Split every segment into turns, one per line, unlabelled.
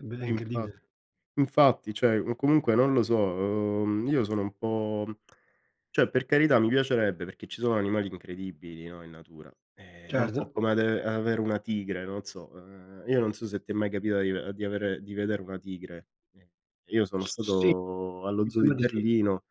Eh beh,
Sì, infa
incredibile.
infatti cioè o comunque non lo so, uhm, io sono un po' cioè per carità mi piacerebbe perché ci sono animali incredibili, no, in natura. Eh, è un po'
Certo.
come ave avere una tigre, non so. Ehm, io non so se ti è mai capita di ave di avere di vedere una tigre, [unintelligible] io sono
S sì,
stato allo zoo di
diciamo di sì.
Berlino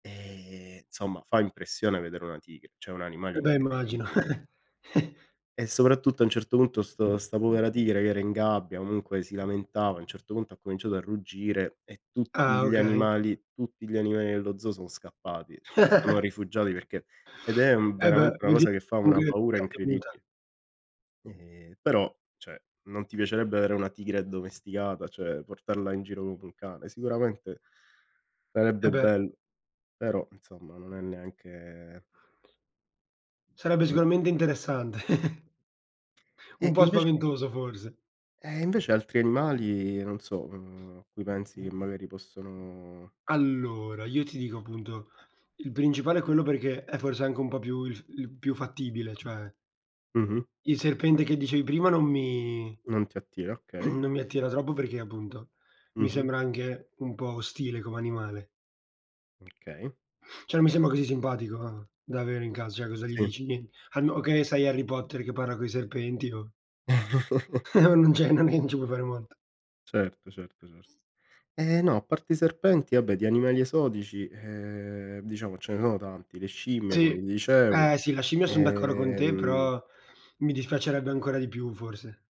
e insomma fa impressione vedere una tigre, cioè è un animale
Eh beh immagino.
incredibile. E soprattutto a un certo punto sto sta povera tigre che era in gabbia, comunque si lamentava, a un certo punto ha cominciato a ruggire e tutti
Ah,
gli
okay.
animali tutti gli animali dello zoo sono scappati, cioè si sono rifugiati perché ed è
Eh beh,
veramente una
vuol dire
cosa che fa una
[unintelligible] l'hai
paura
avuta.
incredibile. Ehm, però cioè, non ti piacerebbe avere una tigre addomesticata, cioè portarla in giro come un cane? Sicuramente
Eh
sarebbe
beh.
bello, però insomma non è neanche
Sarebbe sicuramente interessante. Un
E
po'
invece
spaventoso forse.
eh, invece altri animali non so, uhm, a cui pensi che magari possono
Allora io ti dico appunto, il principale è quello perché è forse anche un po' il f il più fattibile. Cioè
Mh-mh.
il serpente che dicevi prima non mi
Non ti attira, okay.
non mi attira troppo perché appunto mi
Mh-mh.
sembra anche un po' ostile come animale.
Okay.
Cioè non mi sembra così simpatico da avere in ca cioè cosa gli
Sì.
dici? Nien A no che sei Harry Potter che parla coi serpenti, no? Non c'è non è che ci puoi fare molto.
Certo, certo, certo. Ehm, no, a parte i serpenti vabbè di animali esotici ehm diciamo ce ne sono tanti, le scimmie come
Sì.
ti dicevo.
Eh sì, la scimmia son d'accordo con te,
Ehm
però mi dispiacerebbe ancora di più forse.